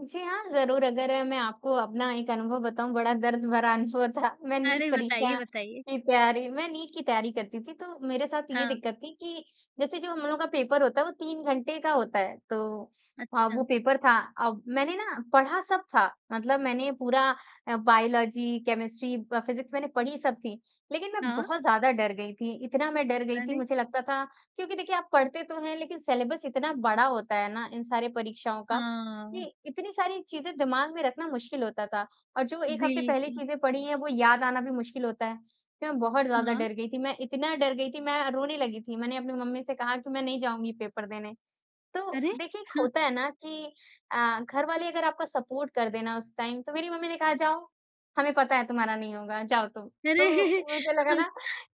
जी हाँ, ज़रूर अगर मैं आपको अपना एक अनुभव बताऊँ, बड़ा दर्द भरा अनुभव था मैं नीट अरे, बताइए, परीक्षा बताइए। की तैयारी मैं नीट की तैयारी करती थी, तो मेरे साथ ये हाँ। दिक्कत थी कि जैसे जो हम लोगों का पेपर होता है, वो 3 घंटे का होता है तो अ, अच्छा। वो पेपर था। अब मैंने ना पढ़ा सब था, मतलब मैंने पूरा अ, बायोलॉज़ी, केमिस्ट्री, ब फिजिक्स मैंने पढ़ी सब थी, लेकिन मैं हाँ। बहुत ज़्यादा डर गई थी। इतना मैं डर गई थी अरे। मुझे लगता था क्योंकि देखिए आप पढ़ते तो हैं, लेकिन सिलेबस इतना बड़ा होता है ना, इन सारे परीक्षाओं का हाँ। कि इतनी सारी चीज़ें दिमाग में रखना मुश्किल होता था और जो 1 हफ्ते पहले बिल्कुल। चीज़ें पढ़ी हैं वो याद आना भी मुश्किल होता है। तो मैं बहुत ज़्यादा हाँ। डर गई थी, मैं इतना डर गई थी मैं रोने लगी थी, मैंने अपनी मम्मी से कहा कि मैं नहीं जाऊँगी पेपर देने। तो अरे, देखिए एक हाँ। होता है ना कि अ, घर वाले अगर आपका सपोर्ट कर देना उस टाइम तो मेरी मम्मी ने कहा, "जाओ, हमें पता है तुम्हारा नहीं होगा, जाओ तुम।" अरे, तो मुझे लगा हाँ, ना।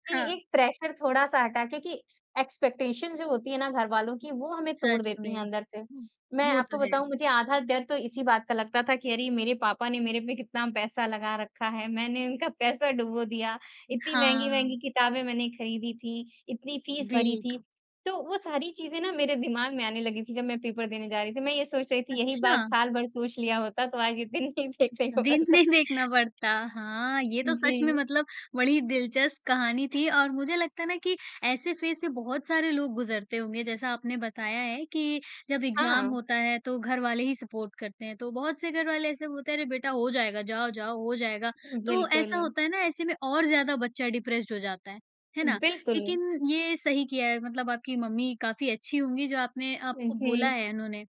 कि हाँ। एक प्रेशर थोड़ा-सा हटा क्योंकि एक्सपेक्टेशन जो होती है ना घरवालों की वो हमें तोड़ सच देती है में। अंदर से। हुँ, मैं वो आपको तो है। बताऊँ मुझे आधा डर तो इसी बात का लगता था कि अरे ये मेरे पापा ने मेरे पे कितना पैसा लगा रखा है, मैंने इनका पैसा डुबो दिया, उ, इत्ती हाँ। महँगी-महँगी किताबें मैंने खरीदी थी, इतनी फीस भरी थी। बिल्कुल। तो वो सारी चीजें ना मेरे दिमाग में आने लगी थी जब मैं पेपर देने जा रही थी। मैं ये सोच रही थी यही बात अच्छा। साल भर सोच लिया होता तो आज ये दिन नहीं देखने को दिन मिलता। नहीं देखना पड़ता हाँ, ये तो सच में जी। मतलब बड़ी ही दिलचस्प कहानी थी और मुझे लगता है ना कि ऐसे फेज़ से बहुत सारे लोग गुजरते होंगे। जैसा आपने बताया है कि जब एग्ज़ाम हाँ। होता है तो घर वाले ही सपोर्ट करते हैं। तो बहुत से घर वाले ऐसे बोलते हैं, अरे बेटा हो जाएगा, जाओ-जाओ, हो जाएगा। उ, तो ऐसा बिल्कुल। होता है ना ऐसे में और ज़्यादा बच्चा डिप्रेस्ड हो जाता है। है ना? बिल्कुल। लेकिन ये सही किया है, मतलब आपकी मम्मी काफ़ी अच्छी होंगी, जो आपने आपको बोला जी। है उन्होंने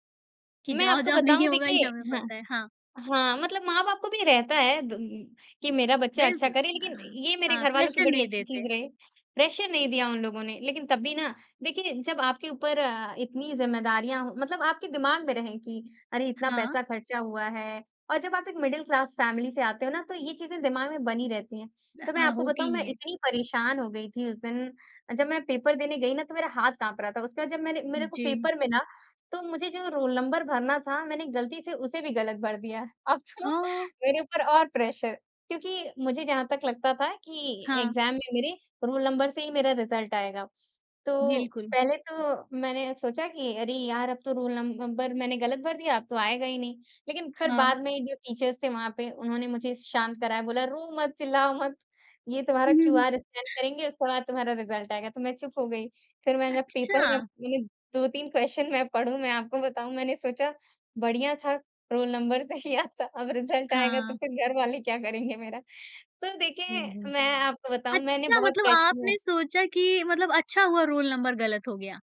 कि, मैं "जाओ आपको जाओ बताऊँ, नहीं होगा देखिए ये हमें हाँ। पता है हाँ। हाँ, मतलब माँ-बाप को भी रहता है द कि मेरा बच्चा अच्छा बिल्कुल, करे, लेकिन हाँ। ये मेरे हाँ, घरवालों की प्रेशर बड़ी नहीं अच्छी चीज़ देते। रहे। प्रेशर नहीं दिया उन लोगों ने, लेकिन तब भी ना देखिए जब आपके ऊपर अ, इतनी ज़िम्मेदारियाँ मतलब आपके दिमाग में रहें कि अरे इतना हाँ। पैसा खर्चा हुआ है और जब आप एक मिडल क्लास फैमिली से आते हो ना तो ये चीज़ें दिमाग में बनी रहती है। अ, तो मैं हाँ, आपको होती बताऊँ मैं ही है। इतनी परेशान हो गई थी उस दिन अ, जब मैं पेपर देने गई ना तो मेरा हाथ काँप रहा था। उसके बाद जब मैंने उ मेरे को जी। पेपर मिला, तो मुझे जो रोल नंबर भरना था, मैंने गलती से उसे भी गलत भर दिया। अब तो हाँ, ओ। मेरे ऊपर और प्रेशर क्योंकि मुझे जहाँ तक लगता था कि हाँ। एग्ज़ाम में मेरे रोल नंबर से ही मेरा रिजल्ट आएगा। तो बिल्कुल। पहले तो मैंने सोचा कि अरे यार अब तो रोल नंबर, मैंने गलत भर दिया, अब तो आएगा ही नहीं। लेकिन फिर हाँ। बाद में ये जो टीचर्स थे वहाँ पे उन्होंने मुझे शांत कराया बोला, "रो मत, चिल्लाओ मत, ये तुम्हारा क्यूआर स्कैन करेंगे उसके बाद तुम्हारा रिजल्ट आएगा" तो मैं चुप हो गई। फिर मैंने जब पेपर में अच्छा। मैंने 2-3 क्वेश्चन मैं पढूँ मैं आपको बताऊँ मैंने सोचा बढ़िया था रोल नंबर से ही आता अब रिजल्ट आएगा तो हाँ। फिर घर वाले क्या करेंगे मेरा तो हुँ, देखिए हुँ। मैं आपको बताऊँ मैंने अच्छा, बहुत मतलब प्रेशर आपने में सोचा कि मतलब अच्छा हुआ रोल नंबर गलत हो गया?